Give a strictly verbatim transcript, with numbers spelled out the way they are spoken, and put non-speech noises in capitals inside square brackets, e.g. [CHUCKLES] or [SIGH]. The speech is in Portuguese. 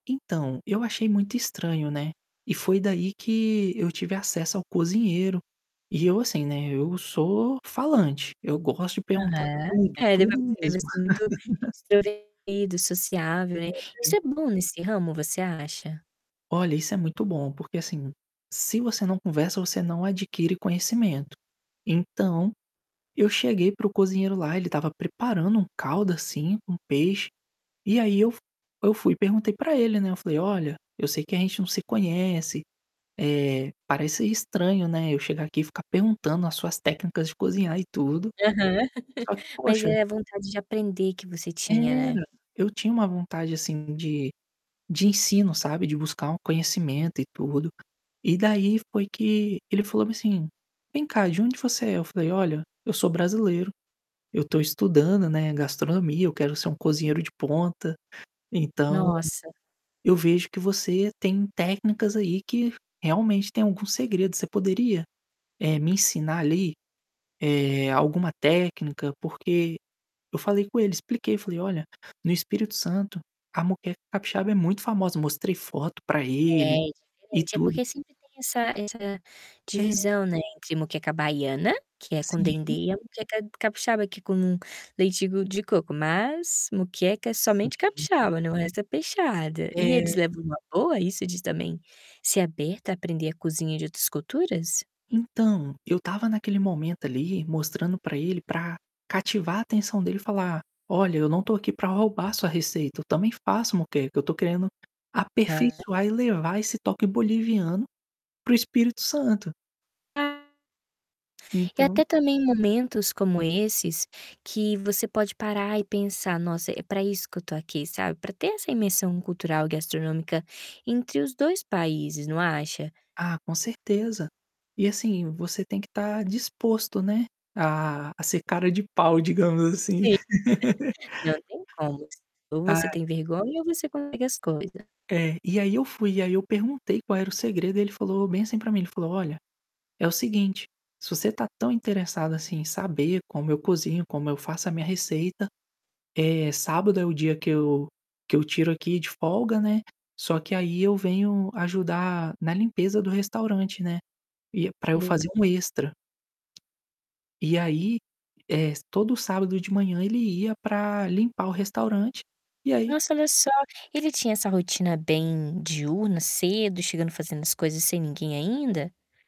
Então, eu achei muito estranho, né, e foi daí que eu tive acesso ao cozinheiro. E eu, assim, né, eu sou falante, eu gosto de perguntar Aham, tudo, é, deu para tudo perceber mesmo. que você é muito [CHUCKLES] instruído, sociável, né. É, Isso é. é bom nesse ramo, você acha? Olha, isso é muito bom, porque, assim, se você não conversa, você não adquire conhecimento. Então, eu cheguei para o cozinheiro lá, ele estava preparando um caldo, assim, com peixe, e aí eu fu eu fui e perguntei para ele, né, eu falei: "Olha, eu sei que a gente não se conhece, eh, parece estranho, né, eu chegar aqui e ficar perguntando as suas técnicas de cozinhar e tudo, Aham. só que [CHUCKLES] Mas poxa" é a vontade de aprender que você tinha, Era, né? eu tinha uma vontade assim de de ensino, sabe, de buscar um conhecimento e tudo. E daí foi que, ele falou assim: "Vem cá, de onde você é?" Eu falei: "Olha, eu sou brasileiro, eu tô estudando, né, gastronomia, eu quero ser um cozinheiro de ponta, então, Nossa. eu vejo que você tem técnicas aí que, realmente, tem algum segredo. Você poderia, eh, me ensinar ali, eh, alguma técnica? Porque", eu falei com ele, expliquei, falei: "Olha, no Espírito Santo, a moqueca capixaba é muito famosa", mostrei foto para É, ele, é e diferente. É tudo. porque sempre tem essa essa É. divisão, né, entre moqueca baiana, que é com dendê Sim. e moqueca capixaba, que é com leite de de coco, mas moqueca é somente Sim. capixaba, não, o resto é peixada. E eles É. levam numa boa isso de também ser aberto a aprender a cozinha de outras culturas? Então, eu estava naquele momento ali mostrando pra ele pra cativar a atenção dele e falar: "Olha, eu não estou aqui pra roubar sua receita, eu também faço moqueca, eu tô querendo, Hã. aperfeiçoar e levar esse toque boliviano para o Espírito Santo". Ah. E Então até também momentos como esses, que você pode parar e pensar: "Nossa, é pra isso que eu tô aqui", sabe, pra ter essa imersão cultural e gastronômica entre os dois países, não acha? Ah, com certeza. E, assim, você tem que estar disposto, né, a a ser cara de pau, digamos assim. Sim, [LAUGHS] não tem como. Ou você Ai. tem vergonha ou você consegue as coisa. É, e aí eu fui e aí eu perguntei qual era o segredo e ele falou bem assim pra mim, ele falou: "Olha, é o seguinte, se você tá tão interessado assim em saber como eu cozinho, como eu faço a minha receita, eh, sábado é o dia que eu que eu tiro aqui de folga né, só que aí eu venho ajudar na limpeza do restaurante, né, e é pra eu É. fazer um extra". E, aí, eh, todo sábado de manhã ele ia pra limpar o restaurante, e aí Nossa, olha só, ele tinha essa rotina bem diurna, cedo, chegando fazendo as coisas sem ninguém ainda?